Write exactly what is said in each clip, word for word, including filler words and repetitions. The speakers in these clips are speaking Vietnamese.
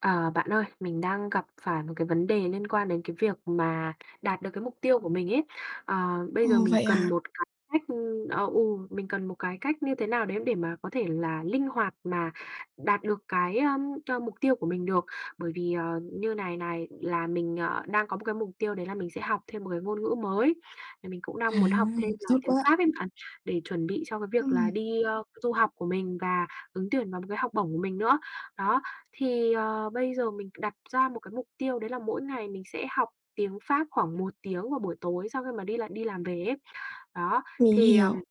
À, bạn ơi, mình đang gặp phải một cái vấn đề liên quan đến cái việc mà đạt được cái mục tiêu của mình ấy. À, bây Ồ, giờ mình vậy cần à. một cái cách, ưm ờ, ừ, mình cần một cái cách như thế nào đấy để mà có thể là linh hoạt mà đạt được cái, ưm, ơ, mục tiêu của mình được. Bởi vì, ờ, như này này, là mình, ờ, đang có một cái mục tiêu đấy là mình sẽ học thêm một cái ngôn ngữ mới. Thì mình cũng À, đang muốn học thêm nên là tốt tiếng quá! Pháp ấy bạn, để chuẩn bị cho cái việc là Ừm. đi, a, du học của mình và ứng tuyển vào một cái học bổng của mình nữa. Đó, thì, ờ, bây giờ mình đặt ra một cái mục tiêu đấy là mỗi ngày mình sẽ học tiếng Pháp khoảng một tiếng vào buổi tối sau khi mà đi là đi làm về ấy. Đó, Mình thì, ờ, hiểu.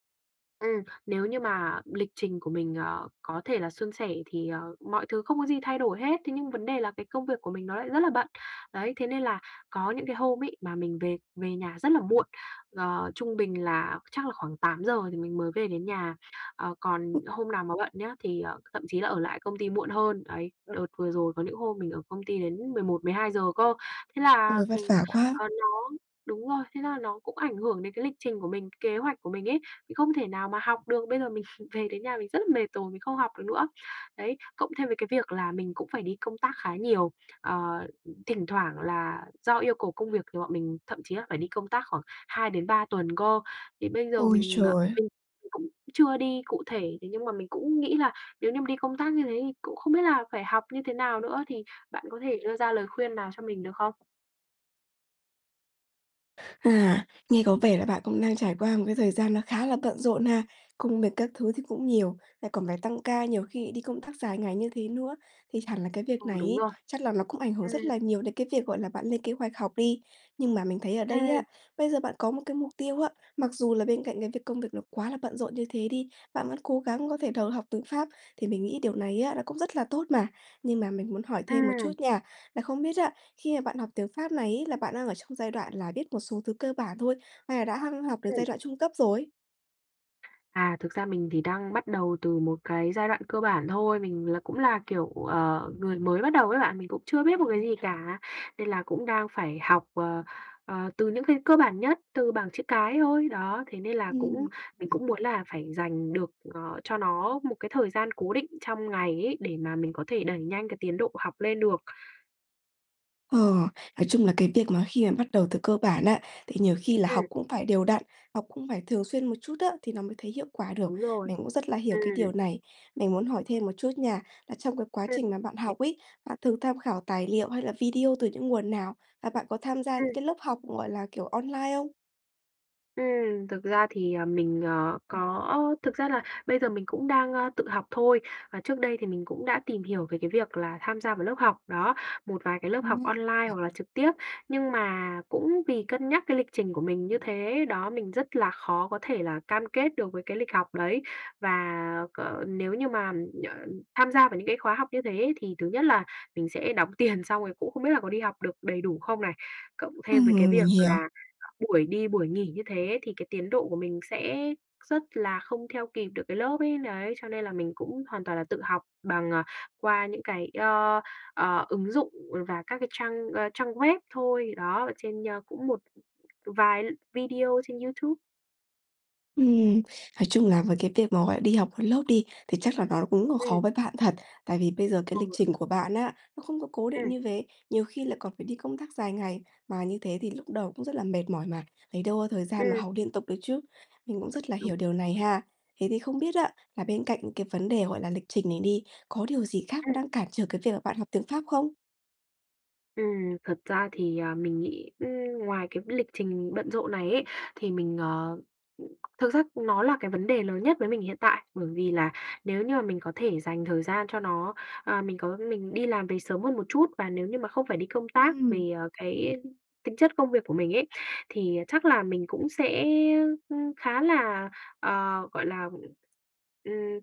ừm, nếu như mà lịch trình của mình, ờ, có thể là suôn sẻ thì, ờ mọi thứ không có gì thay đổi hết, thế nhưng vấn đề là cái công việc của mình nó lại rất là bận. Đấy, thế nên là có những cái hôm ấy, mà mình về về nhà rất là muộn, ờ, trung bình là chắc là khoảng tám giờ thì mình mới về đến nhà. Ờ, còn hôm nào mà bận nhá, thì, ờ, thậm chí là ở lại công ty muộn hơn, đấy, đợt vừa rồi có những hôm mình ở công ty đến mười một mười hai giờ cơ. Thế là, Ôi, vất ừm, vả quá! ờ, nó đúng rồi, thế là nó cũng ảnh hưởng đến cái lịch trình của mình, kế hoạch của mình ấy, mình không thể nào mà học được. Bây giờ mình về đến nhà mình rất là mệt rồi, mình không học được nữa. Đấy, cộng thêm với cái việc là mình cũng phải đi công tác khá nhiều. Ờ, thỉnh thoảng là do yêu cầu công việc thì bọn mình thậm chí là phải đi công tác khoảng hai đến ba tuần cơ. Thì bây giờ Ôi mình, ờ, trời! mình mình cũng chưa đi cụ thể, thế nhưng mà mình cũng nghĩ là nếu như mà đi công tác như thế thì cũng không biết là phải học như thế nào nữa. Thì bạn có thể đưa ra lời khuyên nào cho mình được không? À, nghe có vẻ là bạn cũng đang trải qua một cái thời gian nó khá là bận rộn ha. Công việc các thứ thì cũng nhiều, lại còn phải tăng ca, nhiều khi đi công tác dài ngày như thế nữa, thì hẳn là cái việc Ừ, này đúng ấy, rồi. chắc là nó cũng ảnh hưởng Ừm. rất là nhiều đến cái việc, gọi là, bạn lên kế hoạch học đi. Nhưng mà mình thấy ở đây Ừm. á, bây giờ bạn có một cái mục tiêu á, mặc dù là bên cạnh cái việc công việc nó quá là bận rộn như thế đi, bạn vẫn cố gắng có thể đầu học tiếng Pháp, thì mình nghĩ điều này á, nó cũng rất là tốt mà. Nhưng mà mình muốn hỏi thêm một chút Ừm. nha, là không biết á, khi mà bạn học tiếng Pháp này ấy, là bạn đang ở trong giai đoạn là biết một số thứ cơ bản thôi, hay là đã hăng học đến Ừm. giai đoạn trung cấp rồi? À, thực ra mình thì đang bắt đầu từ một cái giai đoạn cơ bản thôi, mình là cũng là, kiểu, ờ, người mới bắt đầu á bạn, mình cũng chưa biết một cái gì cả, nên là cũng đang phải học, ờ, ờ, từ những cái cơ bản nhất, từ bảng chữ cái thôi. Đó, thế nên là cũng Ừm. mình cũng [unintelligible] muốn là phải dành được, ờ, cho nó một cái thời gian cố định trong ngày ấy, để mà mình có thể đẩy nhanh cái tiến độ học lên được. Ờ, nói chung là cái việc mà khi mà bắt đầu từ cơ bản á, thì nhiều khi là Ừm. học cũng phải đều đặn, học cũng phải thường xuyên một chút á, thì nó mới thấy hiệu quả được. Đúng rồi. Mình cũng rất là hiểu cái Ừm. điều này. Mình muốn hỏi thêm một chút nha, là trong cái quá Ừm. trình mà bạn [unintelligible] học ấy, bạn thường tham khảo tài liệu hay là video từ những nguồn nào, và bạn có tham gia những Ừm. cái lớp học, gọi là, kiểu, online không? Ừm, thực ra thì, ờ, mình, ờ, có thực ra là bây giờ mình cũng đang, ơ, tự học thôi. Và trước đây thì mình cũng đã tìm hiểu về cái việc là tham gia vào lớp học, đó, một vài cái lớp học Ừm, online nhỉ. hoặc là trực tiếp. Nhưng mà cũng vì cân nhắc cái lịch trình của mình như thế đó, mình rất là khó có thể là cam kết được với cái lịch học đấy. Và, ờ, nếu như mà, ờ, tham gia vào những cái khóa học như thế ấy, thì thứ nhất là mình sẽ đóng tiền xong rồi cũng không biết là có đi học được đầy đủ không này. Cộng thêm với cái Ừm, mình việc hiểu. là, ờ, buổi đi buổi nghỉ như thế thì cái tiến độ của mình sẽ rất là không theo kịp được cái lớp ấy. Đấy, cho nên là mình cũng hoàn toàn là tự học bằng, à, qua những cái, ơ, ờ, ứng dụng và các cái trang, ơ, trang web thôi, đó, ở trên, ơ, cũng một vài video trên YouTube. Ừm, nói chung là với cái việc mà, gọi là, đi học lên lớp đi, thì chắc là nó cũng khó Ừm. với bạn thật. Tại vì bây giờ cái Ừ, lịch đúng. trình của bạn á, nó không có cố định Ừm. như vế, nhiều khi lại còn phải đi công tác dài ngày, mà như thế thì lúc đầu cũng rất là mệt mỏi mà, lấy đâu có thời gian mà Ừm. học liên tục được chứ. Mình cũng rất là Đúng hiểu điều này rồi. ha. Thế thì không biết á, là bên cạnh cái vấn đề, gọi là, lịch trình này đi, có điều gì khác nó Ừm. đang cản trở cái việc mà bạn học tiếng Pháp không? Ừm, thật ra thì, à, mình nghĩ, ừm, ngoài cái lịch trình bận rộn này ấy, thì mình, ờ, ừm thực ra nó là cái vấn đề lớn nhất với mình hiện tại. Bởi vì là nếu như mà mình có thể dành thời gian cho nó, ờ, mình có mình đi làm về sớm hơn một chút, và nếu như mà không phải đi công tác Ừm. về, ờ, cái tính chất công việc của mình ấy, thì chắc là mình cũng sẽ, ưm, khá là, ờ, gọi là, ừm,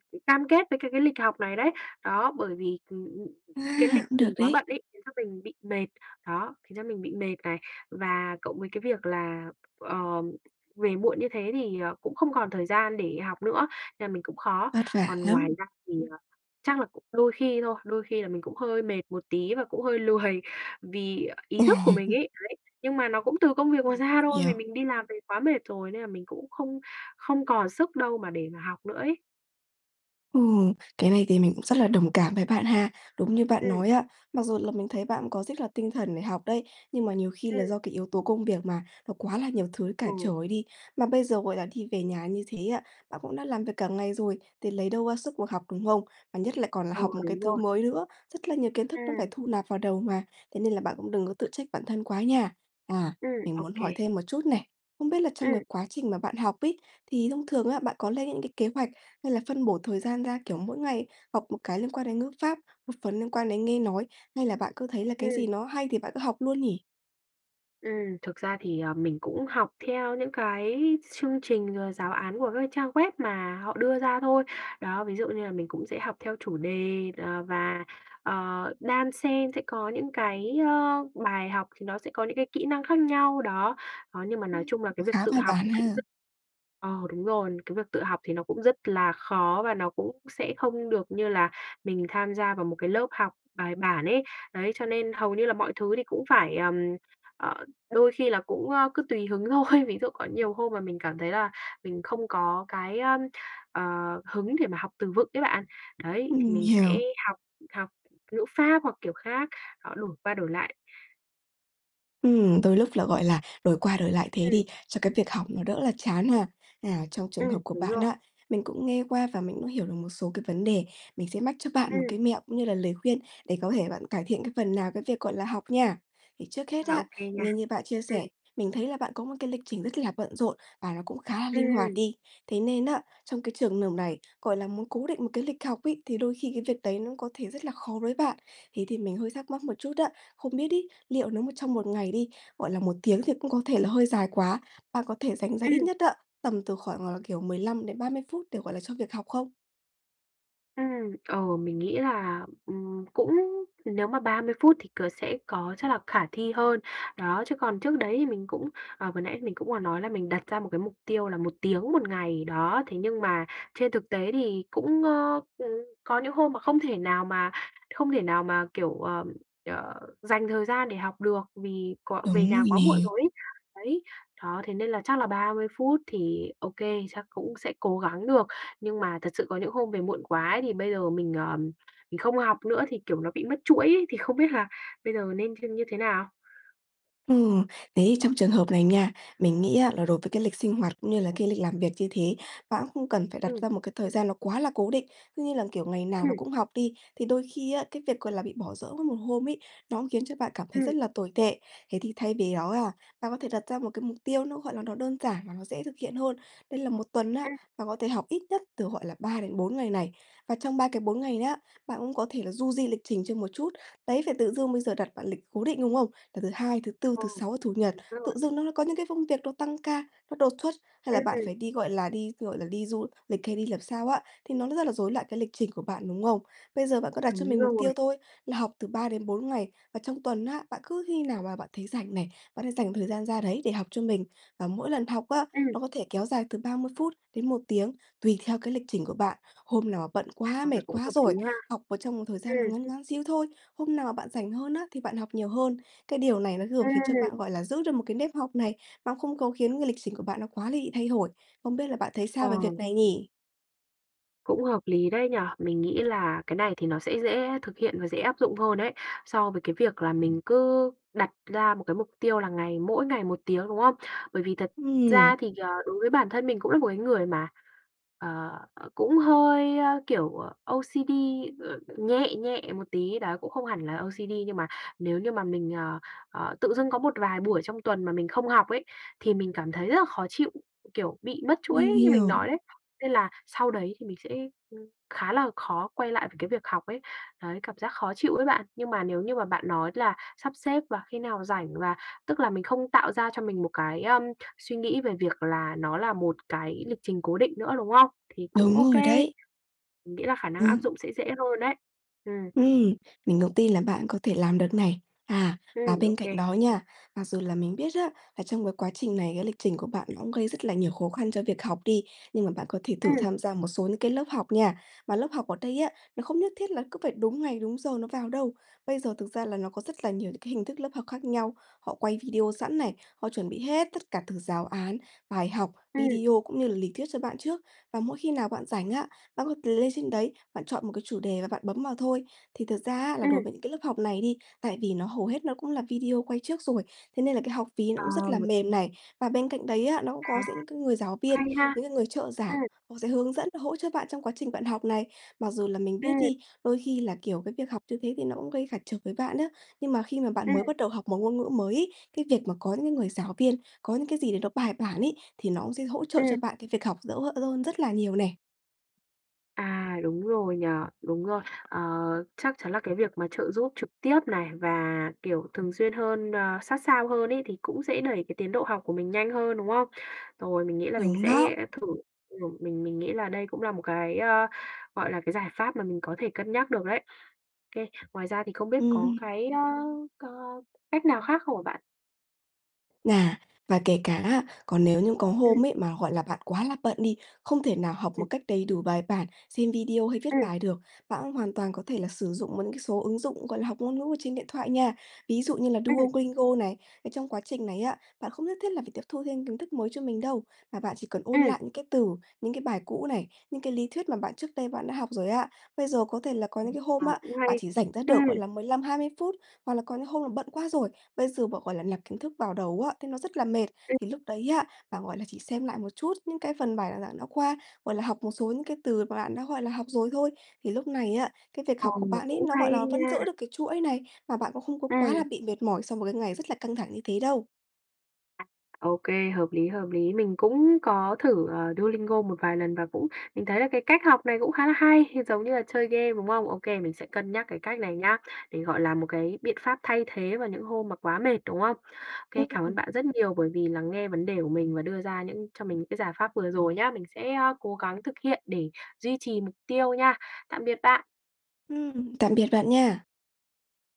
ừm, cam kết với cái cái lịch học này đấy. Đó, bởi vì, ừm, À, cái lịch cũng được mình quá đấy. bận ấy khiến cho mình bị mệt. Đó, khiến cho mình bị mệt này, và cộng với cái việc là, ờ, về muộn như thế thì, ờ, cũng không còn thời gian để học nữa, nên là mình cũng khó. Vất vả Còn ngoài lắm. ra thì, Ừm. ờ, chắc là cũng đôi khi thôi, đôi khi là mình cũng hơi mệt một tí và cũng hơi lười vì ý thức của mình ấy. Đấy, nhưng mà nó cũng từ công việc mà [unintelligible] ra thôi, vì Hiểu. mình đi làm về quá mệt rồi nên là mình cũng không không còn sức đâu mà để mà học nữa ấy. Ừ, cái này thì mình cũng rất là đồng cảm với bạn ha. Đúng như bạn Ừm. nói á, mặc dù là mình thấy bạn cũng có rất là tinh thần để học đấy, nhưng mà nhiều khi là Ừm. do cái yếu tố công việc mà, nó quá là nhiều thứ cản Ừ. trở đi. Mà bây giờ, gọi là, đi về nhà như thế á, bạn cũng đã làm việc cả ngày rồi, thì lấy đâu ra sức ngồi học, đúng không? Và nhất là còn là Ừ, học một cái đúng thứ rồi. mới nữa, rất là nhiều kiến thức nó phải Ừm. thu nạp vào đầu mà. Thế nên là bạn cũng đừng có tự trách bản thân quá nha. À, Ừm, mình ô muốn hỏi kê. thêm một chút này, không biết là trong cái Ừm. quá trình mà bạn học ấy, thì thông thường á, bạn có lên những cái kế hoạch hay là phân bổ thời gian ra, kiểu, mỗi ngày học một cái liên quan đến ngữ pháp, một phần liên quan đến nghe nói, hay là bạn cứ thấy là cái Ừm. gì nó hay thì bạn cứ học luôn nhỉ? Ừm, thực ra thì, ờ, mình cũng học theo những cái chương trình, ờ, giáo án của các trang web mà họ đưa ra thôi. Đó, ví dụ như là mình cũng sẽ học theo chủ đề, ờ, và, ờ, đan xen sẽ có những cái, ơ, bài học thì nó sẽ có những cái kỹ năng khác nhau, đó. Đó, nhưng mà nói Ừm, chung là cái việc khá tự bài học bản cũng ha. rất ờ, đúng rồi, cái việc tự học thì nó cũng rất là khó và nó cũng sẽ không được như là mình tham gia vào một cái lớp học bài bản ấy. Đấy, cho nên hầu như là mọi thứ thì cũng phải, ờm, ờ, đôi khi là cũng, ơ, cứ tùy hứng thôi. Ví dụ có nhiều hôm mà mình cảm thấy là mình không có cái, ờm, ờ, hứng để mà học từ vựng ấy bạn. Đấy, thì Ừm, mình sẽ hiểu. học học ngữ pháp hoặc kiểu khác, họ đổi qua đổi lại. Ừm, đôi lúc là, gọi là, đổi qua đổi lại thế Ừm. đi, cho cái việc học nó đỡ là chán ha. À, trong trường Ừm, hợp của đúng bạn rồi. á, mình cũng nghe qua và mình cũng hiểu được một số cái vấn đề, mình sẽ mách cho bạn một Ừm. cái mẹo cũng như là lời khuyên để có thể bạn cải thiện cái phần nào cái việc, gọi là, học nha. Thì trước hết À, á, ô kê nha. nghe như bạn chia sẻ, Ừm. mình thấy là bạn có một cái lịch trình rất là bận rộn và nó cũng khá là linh hoạt Ừm. đi. Thế nên á, trong cái trường nợp này, gọi là, muốn cố định một cái lịch học ấy thì đôi khi cái việc đấy nó có thể rất là khó với bạn. Thế thì mình hơi thắc mắc một chút á, không biết ấy, liệu nó một trong một ngày đi, gọi là, một tiếng thì cũng có thể là hơi dài quá, bạn có thể dành ra ít Ừm. nhất á, tầm từ khoảng là, kiểu, mười lăm đến ba mươi phút để, gọi là, cho việc học không? Ừm, ờ, mình nghĩ là, ừm, cũng nếu mà ba mươi phút thì c sẽ có chắc là khả thi hơn. Đó, chứ còn trước đấy thì mình cũng, ờ, vừa nãy mình cũng vừa nói là mình đặt ra một cái mục tiêu là một tiếng một ngày, đó, thế nhưng mà trên thực tế thì cũng, ơ, ừ, có những hôm mà không thể nào mà không thể nào mà, kiểu, ờm, ờ, dành thời gian để học được, vì có Đúng về nhà rồi quá muộn nè. rồi ấy. Đấy, đó, thế nên là chắc là ba mươi phút thì ô kê, chắc cũng sẽ cố gắng được. Nhưng mà thật sự có những hôm về muộn quá ấy, thì bây giờ mình, ờm, mình không học nữa thì, kiểu, nó bị mất chuỗi ấy, thì không biết là bây giờ mình nên thêm như thế nào? Ừ, thế trong trường hợp này nha, mình nghĩ á là đối với cái lịch sinh hoạt, cũng như là cái lịch làm việc như thế, bạn cũng không cần phải đặt Ừm. ra một cái thời gian nó quá là cố định. Cứ như là, kiểu, ngày nào nó Ừm. cũng học đi, thì đôi khi á, cái việc gọi là bị bỏ dỡ một hôm ấy nó khiến cho bạn cảm thấy Ừm. rất là tồi tệ. Thế thì thay vì đó ha, bạn có thể đặt ra một cái mục tiêu nó, gọi là, nó đơn giản và nó dễ thực hiện hơn. Đấy là một tuần á, Ừm. bạn có thể học ít nhất từ, gọi là, ba đến bốn ngày này, và trong ba cái bốn ngày nhá, bạn cũng có thể là du di lịch trình cho một chút. Đấy, phải tự dưng bây giờ đặt bạn lịch cố định, đúng không? Là thứ Hai, thứ Tư, Ừ, thứ mình Sáu, Chủ Nhật, biết rồi. tự dưng nó có những cái công việc nó tăng ca, nó đột xuất hay Ưm, là bạn ừm. phải đi, gọi là, đi, gọi là, đi du lịch hay đi làm sao á, thì nó rất là rối loạn cái lịch trình của bạn, đúng không? Bây giờ bạn có đặt cho Đúng mình mục rồi. tiêu thôi là học từ ba đến bốn ngày và trong tuần á, bạn cứ khi nào mà bạn thấy rảnh này, bạn hãy dành thời gian ra đấy để học cho mình. Và mỗi lần học á, Ừm. nó có thể kéo dài từ ba mươi phút đến một tiếng tùy theo cái lịch trình của bạn. Hôm nào bận À, quá, phần mệt này cũng quá hợp lý rồi, ha. học vào trong một thời gian nó Ừm. ngắn ngắn xíu thôi, hôm nào mà bạn rảnh hơn á thì bạn học nhiều hơn. Cái điều này nó vừa khiến cho Ừm. bạn, gọi là, giữ được một cái nếp học này, nó không có khiến cái lịch trình của bạn nó quá là bị thay hổi. Không biết là bạn thấy sao Ờ. về việc này nhỉ? Cũng hợp lý đấy nhỉ. Mình nghĩ là cái này thì nó sẽ dễ thực hiện và dễ áp dụng hơn đấy, so với cái việc là mình cứ đặt ra một cái mục tiêu là ngày mỗi ngày một tiếng, đúng không? Bởi vì thật Ừm. ra thì, ờ, đối với bản thân mình cũng là một cái người mà, ờ, cũng hơi, ơ, kiểu, ờ, O-C-D, ờ, nhẹ nhẹ một tí đó, cũng không hẳn là O-C-D nhưng mà nếu như mà mình, ờ, ờ, tự dưng có một vài buổi trong tuần mà mình không học ấy, thì mình cảm thấy rất là khó chịu. Kiểu, bị mất chuỗi Mình như mình hiểu. nói đấy, nên là sau đấy thì mình sẽ, ưm, khá là khó quay lại về cái việc học ấy, đấy, cảm giác khó chịu ấy bạn. Nhưng mà nếu như mà bạn nói là sắp xếp và khi nào rảnh, và tức là mình không tạo ra cho mình một cái, ơm, suy nghĩ về việc là nó là một cái lịch trình cố định nữa, đúng không? Thì cũng Đúng OK, rồi đấy. mình nghĩ là khả năng áp Ừm. dụng sẽ dễ hơn ấy. Ừm. Ừm, mình cũng tin là bạn có thể làm được này. À, và Ừm, ô bên cạnh kê. đó nha, mặc dù là mình biết á, là trong cái quá trình này, cái lịch trình của bạn nó cũng gây rất là nhiều khó khăn cho việc học đi, nhưng mà bạn có thể thử Ừm. tham gia một số những cái lớp học nha. Mà lớp học ở đây á, nó không nhất thiết là cứ phải đúng ngày, đúng giờ nó vào đâu. Bây giờ thực ra là nó có rất là nhiều những cái hình thức lớp học khác nhau, họ quay video sẵn này, họ chuẩn bị hết tất cả từ giáo án, bài học, Ừm. video cũng như là lý thuyết cho bạn trước. Và mỗi khi nào bạn rảnh á, bạn có lên trên đấy bạn chọn một cái chủ đề và bạn bấm vào thôi. Thì thực ra á, là đối Ừm. với những cái lớp học này đi, tại vì nó hầu hết nó cũng là video quay trước rồi, thế nên là cái học phí nó Ờ. cũng rất là mềm này, và bên cạnh đấy á, nó cũng À. có gi cái người giáo viên, Hay ha! những cái người trợ giảng Ừm. họ sẽ hướng dẫn, hỗ trợ bạn trong quá trình bạn học này. Mặc dù là mình biết Ừm. đi, đôi khi là, kiểu, cái việc học như thế thì nó cũng gây cản trở với bạn á, nhưng mà khi mà bạn Ừm. mới bắt đầu học một ngôn ngữ mới ấy, cái việc mà có những cái người giáo viên, có những cái gì để nó bài bản ấy, thì nó cũng sẽ hỗ trợ Ừm. cho bạn cái việc học dỡ ơn rất là nhiều nè. À, đúng rồi nhỉ, đúng rồi. Ờ, chắc chắn là cái việc mà trợ giúp trực tiếp này và, kiểu, thường xuyên hơn, ờ, sát sao hơn ấy thì cũng sẽ đẩy cái tiến độ học của mình nhanh hơn, đúng không? Rồi, mình nghĩ là mình Đúng đó. sẽ thử, ừm, mình mình nghĩ là đây cũng là một cái, ơ, gọi là, cái giải pháp mà mình có thể cân nhắc được đấy. Ô kê, ngoài ra thì không biết có Ừm. cái, ơ, có cách nào khác không hả bạn? À, và kể cả á, còn nếu như có Ừm. hôm ấy mà, gọi là, bạn quá là bận đi, không thể nào học một Ừm. cách đầy đủ, bài bản, xem video hay viết Ừm. bài được, bạn cũng hoàn toàn có thể là sử dụng những cái số ứng dụng, gọi là, học ngôn ngữ ở trên điện thoại nha, ví dụ như là Ừm. Duolingo này. Trong quá trình này á, bạn không nhất thiết là phải tiếp thu thêm kiến thức mới cho mình đâu, mà bạn chỉ cần ôn Ừm. lại những cái từ, những cái bài cũ này, những cái lý thuyết mà bạn trước đây bạn đã học rồi á. Bây giờ có thể là có Ừm, những cái à, hôm á, cũng bạn hay, chỉ rảnh ra được gọi ừm. là mười lăm hai mươi phút, hoặc là có những hôm là bận quá rồi, bây giờ bạn, gọi là, lạp kiến thức vào đầu á, thì nó rất là mệt. Ừm. Thì lúc đấy á, bạn, gọi là, chỉ xem lại một chút những cái phần bài giảng đã qua, gọi là, học một số những cái từ mà bạn đã, gọi là, học rồi thôi. Thì lúc này á, cái việc Ờ, học của bạn ấy, cũng nó, hay gọi là, vẫn nha. giữ được cái chuỗi này, và bạn cũng không có quá là Ừm. bị mệt mỏi sau một cái ngày rất là căng thẳng như thế đâu. À. Ô kê, hợp lý, hợp lý. Mình cũng có thử, ờ, Duolingo một vài lần và cũng mình thấy là cái cách học này cũng khá là hay, giống như là chơi game, đúng không? Ô kê, mình sẽ cân nhắc cái cách này nhá, để gọi là một cái biện pháp thay thế vào những hôm mà quá mệt, đúng không? Ô kê, cảm ơn Ừm. bạn rất nhiều bởi vì lắng nghe vấn đề của mình và đưa ra những cho mình những cái giải pháp vừa rồi nhá. Mình sẽ, ơ, cố gắng thực hiện để duy trì mục tiêu nha. Tạm biệt bạn! Ừm. Tạm biệt bạn nha!